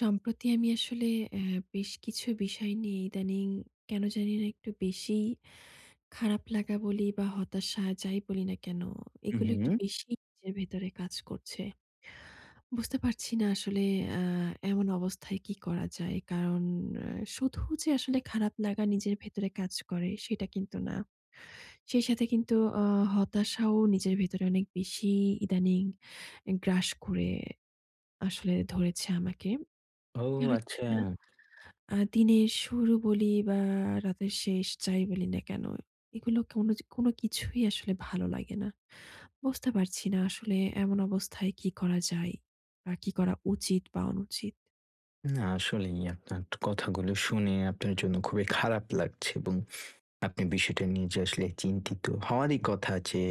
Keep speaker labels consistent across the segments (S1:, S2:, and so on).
S1: সম্প্রতি আমি আসলে অ্যাঁ বেশ কিছু বিষয় নিয়ে ইদানিং কেন জানিনা একটু বেশিই খারাপ লাগা বলি বা হতাশা যাই বলি না কেন।
S2: হু,
S1: এগুলো একটু
S2: হুম?
S1: বেশি নিজের ভেতরে কাজ করছে। বুঝতে পারছি না আসলে অ্যাঁ এমন অবস্থায় কি করা যায়। কারণ অ্যাঁ শুধু যে আসলে খারাপ লাগা নিজের ভেতরে কাজ করে সেটা কিন্তু না। সেই সাথে কিন্তু আ হতাশাও নিজের ভেতরে অনেক বেশি ইদানিং এ গ্রাস করে আসলে ধরেছে আমাকে।
S2: ও
S1: কেন জানিনা,
S2: আচ্ছা!
S1: আ দিনের শুরু বলি বা রাতের শেষ যাই বলি না কেন? এগুলো কোন যে কোনো কিছুই আসলে ভালো লাগে না। বুঝতে পারছি না আসলে এমন অবস্থায় কি করা যায় বা কি করা উচিত বা অনুচিত।
S2: না, আসলেই আপনার কথাগুলো শুনে আপনার জন্য খুবই খারাপ লাগছে এবং আপনি বিষয়টা নিয়ে আসলে যে চিন্তিত হওয়ারই কথা। যে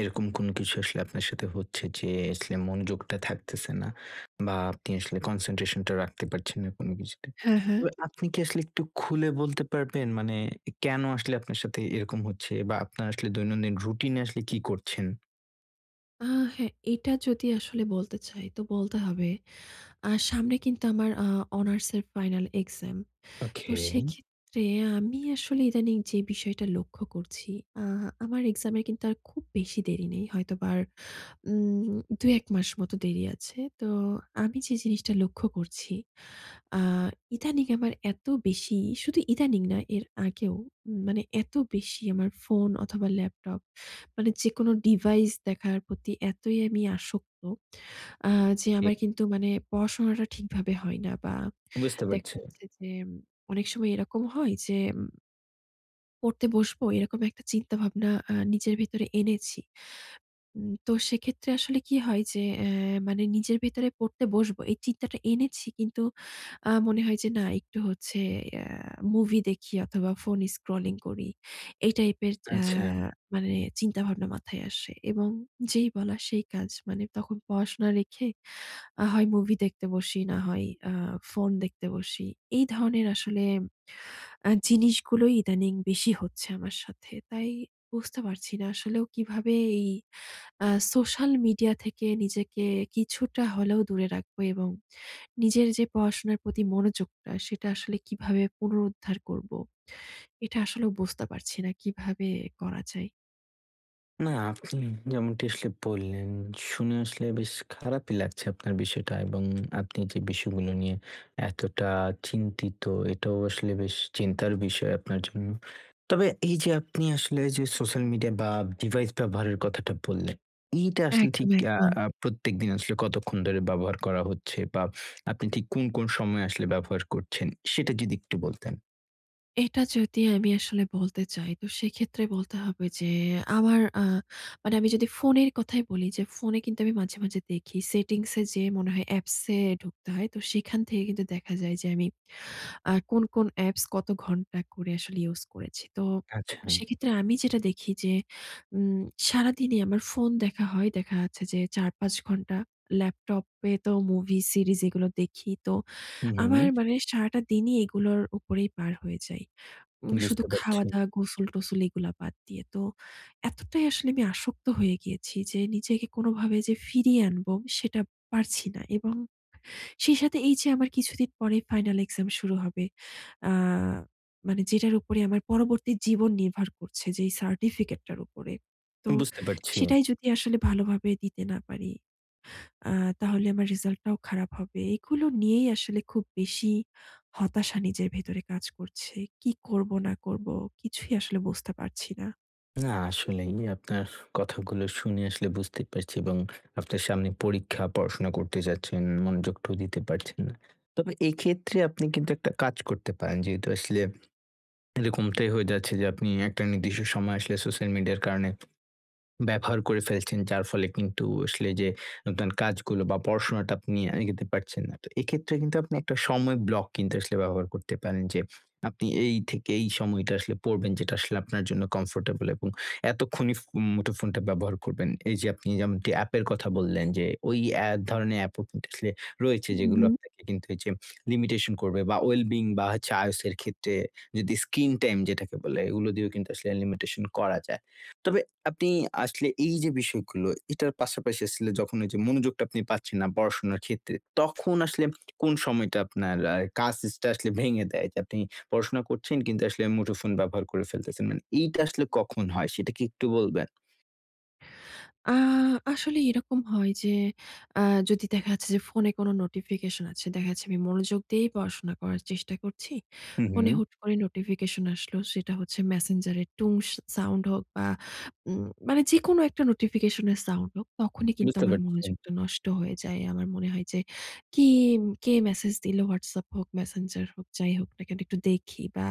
S2: এরকম কোনো কিছু আসলে আপনার সাথে হচ্ছে যে আসলে মনোযোগটা থাকতেছে না। বা আপনি আসলে concentration টা রাখতে পারছেন না কোন কিছুতে।
S1: হ্যাঁ, হ্যাঁ।
S2: তবে আপনি কি আসলে একটু খুলে বলতে পারবেন? মানে এ কেন আসলে আপনার সাথে এরকম হচ্ছে বা আপনার আসলে দৈনন্দিন রুটিন এ আসলে কি করছেন?
S1: আ হ্যাঁ, এটা যদি আসলে বলতে চাই তো বলতে হবে, আ সামনে কিন্তু আমার আ অনার্সের ফাইনাল এক্সাম। তো
S2: ওকে।
S1: সেক্ষেত্রে আমি আসলে ইদানিং যে বিষয়টা লক্ষ্য করছি, আ আমার এক্সামের কিন্তু আর খুব বেশি দেরি নেই। হয়তোবা আর উম ২ ১ মাস মতো দেরি আছে। তো আমি যে জিনিসটা লক্ষ্য করছি, আ ইদানিং আমার এত বেশি, শুধু ইদানিং নয়, এর আগেও মানে এত বেশি আমার ফোন অথবা ল্যাপটপ, মানে যেকোনো ডিভাইস দেখার প্রতি এতই আমি আসক্ত, আ যে
S2: ওকে।
S1: আমার কিন্তু মানে পড়াশোনাটা ঠিকভাবে হয় না বা
S2: বুঝতে
S1: দেখা
S2: পারছি।
S1: যাচ্ছে যে, অনেক সময় এরকম হয় যে পড়তে বসবো এরকম একটা চিন্তা-ভাবনা আ নিজের ভিতরে এনেছি। উম তো সেক্ষেত্রে আসলে কি হয় যে, এ মানে নিজের ভেতরে পড়তে বসব এই চিন্তাটা এনেছি, কিন্তু আ মনে হয় যে না, একটু হচ্ছে আ মুভি দেখি অথবা ফোন স্ক্রলিং করি, এই টাইপের আ
S2: আচ্ছা।
S1: মানে চিন্তা-ভাবনা মাথায় আসে। এবং যেই বলা সেই কাজ, মানে তখন পড়াশোনা রেখে, আ হয় মুভি দেখতে বসি, না হয় আ ফোন দেখতে বসি। এই ধরনের আসলে আ জিনিসগুলোই ইদানিং বেশি হচ্ছে আমার সাথে। তাই বুঝতে পারছি না, আসলেও কিভাবে এই আ সোশ্যাল মিডিয়া থেকে নিজেকে কিছুটা হলেও দূরে রাখব এবং নিজের যে পড়াশোনার প্রতি মনোযোগটা, সেটা আসলে কিভাবে পুনরুদ্ধার করব? এটা আসলে বুঝতে পারছি না, কিভাবে করা যায়?
S2: না, আপনি যেমনটি আসলে বললেন, শুনে আসলে বেশ খারাপই লাগছে আপনার বিষয়টা এবং আপনি যে, বিষয়গুলো নিয়ে এতটা চিন্তিত, এটাও আসলে বেশ চিন্তার বিষয় আপনার জন্য। তবে এই যে, আপনি আসলে যে, social media বা device ব্যবহারের কথাটা বললেন, এইটা আসলে ঠিক
S1: একদম,
S2: আ
S1: একদম।
S2: আ প্রত্যেকদিন আসলে কতক্ষণ ধরে ব্যবহার করা হচ্ছে? বা আপনি ঠিক কোন, কোন সময়ে আসলে ব্যবহার করছেন? সেটা যদি একটু বলতেন।
S1: এটা যদি আমি আসলে বলতে চাই, তো সেক্ষেত্রে বলতে হবে যে, আমার আ মানে আমি যদি ফোনের কথাই বলি। যে, ফোনে কিন্তু আমি মাঝে, মাঝে দেখি, settings এ যেয়ে মনে হয় apps এ ঢুকতে হয়। তো সেখান থেকে কিন্তু দেখা যায় যে, আমি আ কোন, কোন apps কত ঘন্টা করে আসলে use করেছি। তো,
S2: আচ্ছা।
S1: সেক্ষেত্রে আমি যেটা দেখি যে, উম সারাদিনই আমার ফোন দেখা হয়। দেখা যাচ্ছে যে, ৪ -৫ ঘন্টা ল্যাপটপ এ তো movie series এগুলো দেখি। তো,
S2: হুম,
S1: আমার
S2: হুম।
S1: মানে সারাটা দিনই এগুলোর উপরেই পার হয়ে যাই। উম শুধু
S2: বুঝতে পারছি।
S1: খাওয়া-দাওয়া, গোসল-টোসল এগুলা বাদ দিয়ে। তো, এতটাই আসলে আমি আসক্ত হয়ে গিয়েছি যে, নিজেকে কোনভাবে যে ফিরিয়ে আনবো সেটা পারছি না এবং সেই সাথে এই যে আমার কিছুদিন পরে final exam শুরু হবে। আ মানে যেটার উপরে আমার পরবর্তী জীবন নির্ভর করছে। যেই certificate টার উপরে। তো
S2: বুঝতে পারছি।
S1: সেটাই যদি আসলে ভালোভাবে দিতে না পারি। আ তাহলে আমার result টাও খারাপ হবে। এগুলো নিয়েই আসলে খুব বেশি হতাশা নিজের ভেতরে কাজ করছে। কি করব না করব কিছুই আসলে বুঝতে পারছি না।
S2: না, আসলেই, আমি ফু আপনার কথাগুলো শুনে আসলে বুঝতে পারছি এবং আপনার সামনে পরীক্ষা, পড়াশোনা করতে যাচ্ছেন, মনোযোগটাও দিতে পারছেন না। তবে এক্ষেত্রে আপনি কিন্তু একটা কাজ করতে পারেন। যেহেতু আসলে এরকমটাই হয়ে যাচ্ছে যে, আপনি একটা নির্দিষ্ট সময় আসলে সোশ্যাল মিডিয়ার কারণে ব্যবহার করে ফেলছেন। যার ফলে কিন্তু আসলে এইযে আপনার কাজগুলো বা, পড়াশোনাটা আপনি এগোতে পারছেন না। তো এক্ষেত্রে কিন্তু আপনি একটা সময় ব্লক কিন্তু আসলে ব্যবহার করতে পারেন। যে আপনি এই থেকে এই সময়টা আসলে পড়বেন, যেটা আসলে আপনার জন্য কমফোর্টেবল এবং এতক্ষণই ফু মুঠোফোনটা ব্যবহার করবেন। এইযে আপনি এমন কি অ্যাপের কথা বললেন যে, ওই এক ধরনের অ্যাপও রয়েছে,
S1: হু,
S2: যেগুলো
S1: হু।
S2: আপনাকে কিন্তু ঐযে লিমিটেশন করবে বা, well-being বা, হচ্ছে IOS এর ক্ষেত্রে যদি স্কিন টাইম যেটাকে বলে, এগুলো দিয়েও কিন্তু লিমিটেশন করা যায়। তবে আপনি আসলে এইযে বিষয়গুলো, এটার পাশাপাশি আসলে যখন ওইযে মনোযোগটা আপনি পাচ্ছেন না পড়াশোনার ক্ষেত্রে, তখন আসলে কোন সময়টা আপনার আ কাজ ইস টা আসলে ভেঙে দেয়? যে আপনি পড়াশোনা করছেন কিন্তু, আসলে মুঠোফোন ব্যবহার করে ফেলতেছেন। মানে এইটা আসলে
S1: হু।
S2: কখন হয়? সেটা কি একটু বলবেন?
S1: আ আসলে এরকম হয় যে আ যদি দেখা যাচ্ছে যে, ফোনে কোনো নোটিফিকেশন আছে, দেখা যাচ্ছে আমি মনোযোগ দিয়েই পড়াশোনা করার চেষ্টা করছি।
S2: হু,
S1: ফোনে
S2: হুম।
S1: হুট করে নোটিফিকেশন আসলো। সেটা হচ্ছে Messenger এর টুং স সাউন্ড হোক বা, উম মানে যেকোনো একটা নোটিফিকেশনের সাউন্ড হোক, তখনই কিন্তু
S2: বুঝতে
S1: আমার
S2: পারছি।
S1: মনোযোগটা নষ্ট হয়ে যায়। আমার মনে হয় যে, "কি, কে মেসেজ দিলো? Whatsapp হোক, Messenger হোক, যাই হোক না, কি একটু দেখি" বা,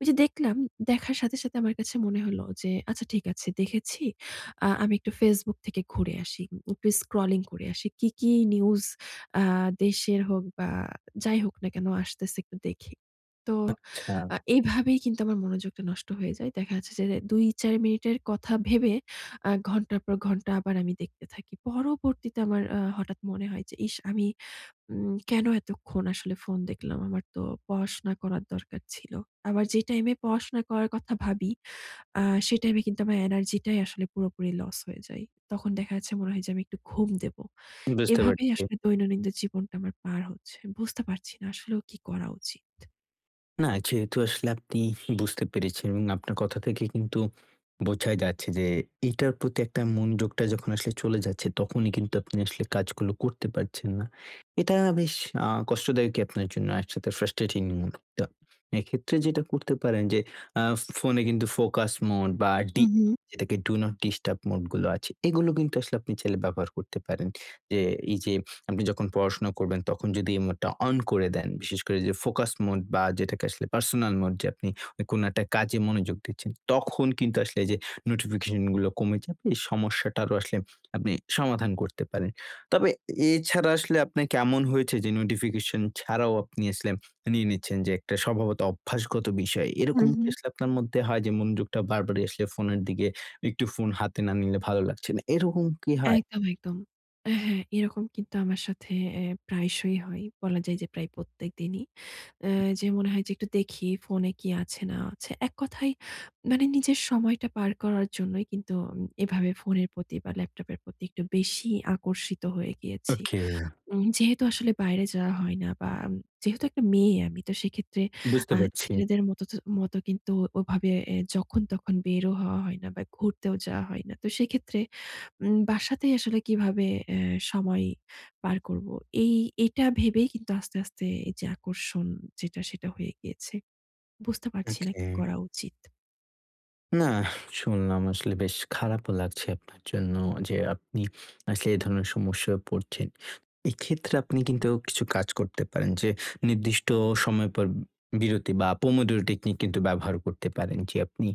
S1: ঐযে দেখলাম, দেখার সাথে, সাথে আমার কাছে মনে হলো যে, "আচ্ছা, ঠিক আছে, দেখেছি। আ আমি একটু Facebook থেকে ঘুরে আসি। উ একটু স্ক্রলিং করে আসি। কি, কি নিউজ আ দেশের হোক বা, যাই হোক না কেন? আসতেছে, একটু দেখে।" তো
S2: আচ্ছা।
S1: এইভাবেই কিন্তু আমার মনোযোগটা নষ্ট হয়ে যায়। দেখা যাচ্ছে যে এ ২, ৪ মিনিটের কথা ভেবে আ ঘন্টার পর ঘন্টা আবার আমি দেখতে থাকি। পরবর্তীতে আমার আ হঠাৎ মনে হয় যে, "ইশ! আমি উম কেন এতক্ষণ আসলে ফোন দেখলাম? আমার তো পড়াশোনা করার দরকার ছিল।" আমার যে টাইমে পড়াশোনা করার কথা ভাবি, আ সেই টাইমে কিন্তু আমার এনার্জিটাই আসলে পুরোপুরি লস হয়ে যায়। তখন দেখা যাচ্ছে, মনে হয় যে, "আমি একটু ঘুম দেব।"
S2: বুঝতে
S1: এভাবেই
S2: পারছি।
S1: আসলে দৈনন্দিন জীবনটা আমার পার হচ্ছে। বুঝতে পারছি না। আসলেও কি করা উচিত?
S2: না, যেহেতু আসলে আপনি বুঝতে পেরেছেন, এবং আপনার কথা থেকে কিন্তু বোঝা যাচ্ছে যে, এটার প্রতি একটা মনোযোগটা যখন আসলে চলে যাচ্ছে। তখনই কিন্তু আপনি আসলে কাজগুলো করতে পারছেন না। এটা বেশ আ কষ্টদায়কই আপনার জন্য একসাথে ফ্রাস্ট্রেটিং। তো এক্ষেত্রে যেটা করতে পারেন যে, আ ফোনে কিন্তু ফোকাস মোড বা
S1: উ
S2: ডি
S1: হু।
S2: যেটাকে ডু নট ডিস্টার্ব মোড গুলো আছে এগুলো কিন্তু আসলে আপনি চাইলে ব্যবহার করতে পারেন। যে এই যে, আপনি যখন পড়াশোনা করবেন, তখন যদি এই মোড টা অন করে দেন, বিশেষ করে যে ফোকাস মোড বা যেটাকে আসলে পার্সোনাল মোড যে আপনি কোন একটা কাজে মনোযোগ দিচ্ছেন, তখন কিন্তু আসলে এইযে নোটিফিকেশন গুলো কমে যাবে, এই সমস্যাটারও আসলে আপনি সমাধান করতে পারেন। তবে, এছাড়া আসলে আপনাকে এমন হয়েছে যে নোটিফিকেশন ছাড়াও আপনি আসলে নিয়ে নিচ্ছেন যে একটা স্বভাবত, অভ্যাসগত বিষয়।
S1: উ
S2: এরকম কি
S1: হু।
S2: আসলে আপনার মধ্যে হয় যে মনযোগটা বারবার আসলে ফোনের দিকে একটু ফোন হাতে না নিলে ভালো লাগছে না, এরকম কি হয়?
S1: একদম, একদম। এ হ্যাঁ, এরকম কিন্তু আমার সাথে এ প্রায়শই হয়। বলা যায় যে প্রায় প্রত্যেকদিনই। অ্যা
S2: উ হু।
S1: যে মনে হয় যে, একটু দেখি ফোনে কি আছে না আছে। এক কথায় মানে নিজের সময়টা পার করার জন্যই, কিন্তু আম এভাবে ফোনের প্রতি বা ল্যাপটপের প্রতি একটু বেশিই আকর্ষিত হয়ে গিয়েছি।
S2: ওকে।
S1: উম যেহেতু আসলে বাইরে যাওয়া হয় না, বা আম যেহেতু একটা মেয়ে আমি, তো সেক্ষেত্রে
S2: বুঝতে
S1: আ
S2: পারছি।
S1: ছেলেদের মতো ত মতো কিন্তু ওভাবে এ যখন তখন বেরও হওয়া হয় না, বা ঘুরতেও যাওয়া হয় না। তো সেক্ষেত্রে উম বাসাতেই আসলে কিভাবে এ সময় পার করবো? এই এটা ভেবেই কিন্তু আস্তে, আস্তে যে আকর্ষণ যেটা, সেটা হয়ে গিয়েছে। বুঝতে পারছি না কি
S2: ওকে।
S1: করা উচিৎ?
S2: না, শুনলাম আসলে বেশ খারাপও লাগছে আপনার জন্য যে, আপনি আসলে এ ধরনের সমস্যায় পড়ছেন। এক্ষেত্রে আপনি কিন্তু কিছু কাজ করতে পারেন যে, নির্দিষ্ট সময় পর বিরতি বা pomodoro technique কিন্তু ব্যবহার করতে পারেন যে, আপনি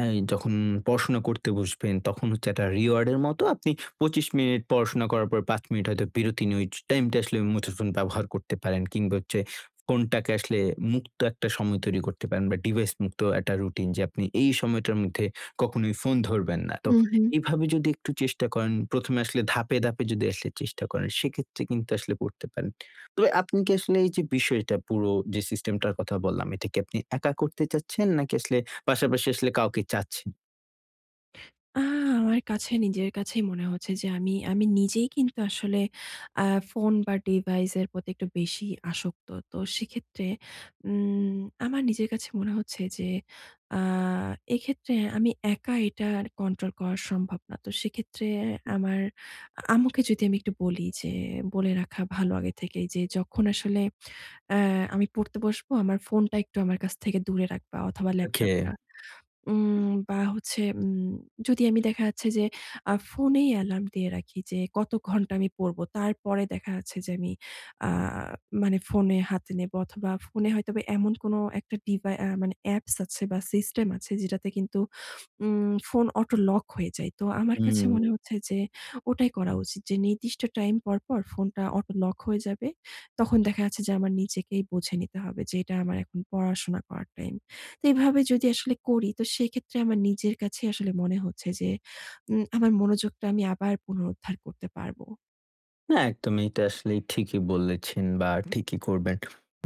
S2: এ যখন পড়াশোনা করতে বসবেন তখন হচ্ছে একটা reward এর মতো আপনি ২৫ মিনিট পড়াশোনা করার পর ৫ মিনিট হয়তো বিরতি নিয়ে ঐ টাইমটা আসলে, মুঠোফোন ব্যবহার করতে পারেন কিংবা হচ্ছে ফোনটাকে আসলে মুক্ত একটা সময় তৈরি করতে পারেন বা ডিভাইস মুক্ত একটা রুটিন যে আপনি এই সময়টার মধ্যে কখনোই ফোন ধরবেন না।
S1: হু,
S2: তো
S1: হু।
S2: এভাবে যদি একটু চেষ্টা করেন, ১ম এ আসলে ধাপে, ধাপে যদি আসলে চেষ্টা করেন সেক্ষেত্রে কিন্তু আসলে পড়তে পারেন। তবে আপনি কি আসলে এই যে বিষয়টা পুরো যে, সিস্টেমটার কথা বললাম এটা কি আপনি একা করতে চাচ্ছেন নাকি আসলে পাশাপাশি আসলে কাউকে চাচ্ছেন?
S1: আ আমার কাছে, নিজের কাছেই মনে হচ্ছে যে আমি আমি নিজেই কিন্তু আসলে, আ ফোন বা ডিভাইস এর প্রতি একটু বেশিই আসক্ত। তো সেক্ষেত্রে উম আমার নিজের কাছে মনে হচ্ছে যে, আ এক্ষেত্রে আমি একা এটা আর কন্ট্রোল করা সম্ভব না। তো সেক্ষেত্রে আমার আ আম্মুকে যদি আমি একটু বলি, যে বলে রাখা ভালো আগে থেকেই যে, যখন আসলে অ্যা আমি পড়তে বসব, আমার ফোনটা একটু আমার কাছ থেকে দূরে রাখবা অথবা
S2: ওকে।
S1: ল্যাপটপটা। উম বা হচ্ছে উম যদি আমি দেখা যাচ্ছে যে, আ ফোনেই অ্যালার্ম দিয়ে রাখি যে, কত ঘণ্টা আমি পড়বো। তারপরে দেখা যাচ্ছে যে, আমি আ মানে ফোনে হাতে নেব অথবা ফোনে হয়তো এমন কোনো একটা ডিভা আ মানে অ্যাপস আছে বা সিস্টেম আছে যেটাতে কিন্তু উম ফোন অটো লক হয়ে যায়। তো আমার কাছে মনে
S2: হুম।
S1: হচ্ছে যে, ওটাই করা উচিত যে নির্দিষ্ট টাইম পর, পর ফোনটা অটো লক হয়ে যাবে। তখন দেখা যাচ্ছে যে, আমার নিজেকেই বুঝে নিতে হবে যে এটা আমার এখন পড়াশোনা করার টাইম। তো এভাবে যদি আসলে করি তো সেক্ষেত্রে আমার নিজের কাছেই আসলে মনে হচ্ছে যে, উম আমার মনোযোগটা আমি আবার পুনরুদ্ধার করতে পারব।
S2: হ্যাঁ, একদমই। এটা আসলে ঠিকই বলেছেন বা, ঠিকই করবেন।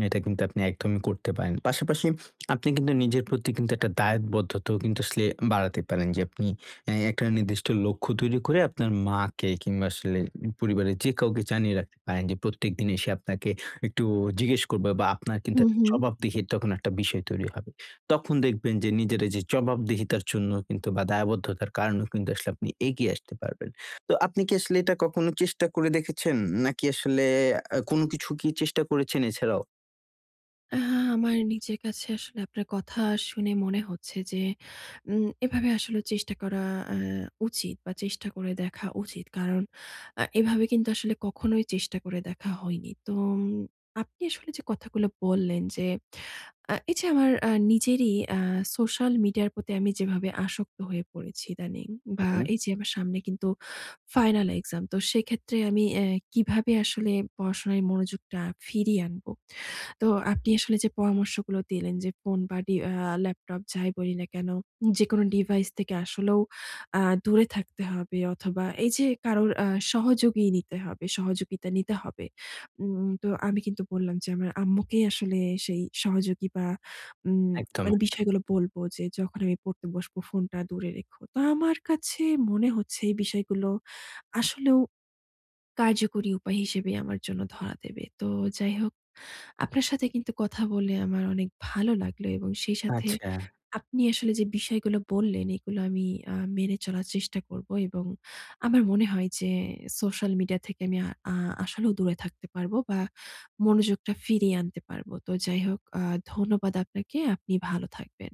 S2: এটা কিন্তু আপনি একদমই করতে পারেন। পাশাপাশি আপনি কিন্তু নিজের প্রতি কিন্তু একটা দায়বদ্ধতাও কিন্তু আসলে বাড়াতে পারেন। যে আপনি এ একটা নির্দিষ্ট লক্ষ্য তৈরি করে আপনার মাকে কিংবা, আসলে উ পরিবারের যে কাউকে জানিয়ে রাখতে পারেন। যে প্রত্যেকদিন এসে আপনাকে একটু জিজ্ঞেস করবে বা, আপনার কিন্তু
S1: হুঁ,
S2: একটা
S1: হুঁ।
S2: জবাবদিহির তখন একটা বিষয় তৈরি হবে। তখন দেখবেন যে নিজের এইযে জবাবদিহিতার জন্য বা, দায়বদ্ধতার কারণেও কিন্তু আসলে আপনি এগিয়ে আসতে পারবেন। তো আপনি কি আসলে এটা কখনো চেষ্টা করে দেখেছেন? নাকি আসলে আ কোন কিছু কি চেষ্টা করেছেন এছাড়াও?
S1: আ আমার নিজের কাছে আসলে আপনার কথা শুনে মনে হচ্ছে যে উম এভাবে আসলে চেষ্টা করা অ্যাঁ উচিত বা, চেষ্টা করে দেখা উচিত। কারণ, আ এভাবে কিন্তু আসলে কখনোই চেষ্টা করে দেখা হয়নি। তো উম আপনি আসলে যে কথাগুলো বললেন যে, আ এইযে আমার আ নিজেরই আ সোশ্যাল মিডিয়ার প্রতি আমি যেভাবে আসক্ত হয়ে পড়েছি ইদানিং বা,
S2: হুউম।
S1: এইযে আমার সামনে কিন্তু ফাইনাল এক্সাম। তো সেক্ষেত্রে আমি এ কিভাবে আসলে পড়াশোনায় মনোযোগটা ফিরিয়ে আনবো। তো আপনি আসলে যে পরামর্শগুলো দিলেন যে ফোন বা, ডি আ ল্যাপটপ, যাই বলি না কেন? যেকোনো ডিভাইস থেকে আসলেও আ দূরে থাকতে হবে অথবা, এইযে কারোর আ সহযোগী নিতে হবে সহযোগিতা নিতে হবে। উম তো আমি কিন্তু বললাম যে, আমার আম্মুকে আসলে সেই সহযোগী বা, উম
S2: একদম,
S1: মানে
S2: একদম।
S1: বিষয়গুলো বলবো যে, "যখন আমি পড়তে বসবো, ফোনটা দূরে রেখো।" তো আমার কাছে মনে হচ্ছে এই বিষয়গুলো আসলেও কার্যকরী উপায় হিসেবে আমার জন্য ধরা দেবে। তো যাই হোক, আপনার সাথে কিন্তু কথা বলে আমার অনেক ভালো লাগলো এবং সেই সাথে
S2: আচ্ছা।
S1: আপনি আসলে যে বিষয়গুলো বললেন, এগুলো আমি আ মেনে চলার চেষ্টা করবো এবং আমার মনে হয় যে সোশ্যাল মিডিয়া থেকে আমি আ আ আসলেও দূরে থাকতে পারবো বা, মনোযোগটা ফিরিয়ে আনতে পারবো। তো যাই হোক, আ ধন্যবাদ আপনাকে। আপনি ভালো থাকবেন।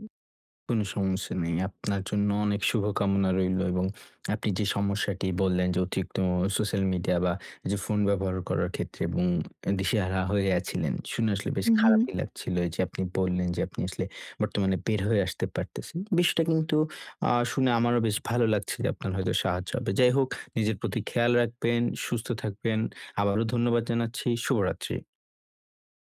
S2: কোন সমস্যা নেই। আপনার জন্য অনেক শুভকামনা রইলো এবং আপনি যে সমস্যাটি বললেন যে, অতিরিক্ত অ সোশ্যাল মিডিয়া বা, যে ফোন ব্যবহার করার ক্ষেত্রে এবং অ্যা দিশেহারা হয়ে আছিলেন। শুনে আসলে বেশ
S1: হু, হু।
S2: খারাপই লাগছিল। এইযে আপনি বললেন যে, আপনি আসলে বর্তমানে বের হয়ে আসতে পারতেছেন। বিষয়টা কিন্তু আ শুনে আমারও বেশ ভালো লাগছে যে আপনার হয়তো সাহায্য হবে। যাই হোক, নিজের প্রতি খেয়াল রাখবেন, সুস্থ থাকবেন। আবারো ধন্যবাদ জানাচ্ছি। শুভরাত্রি।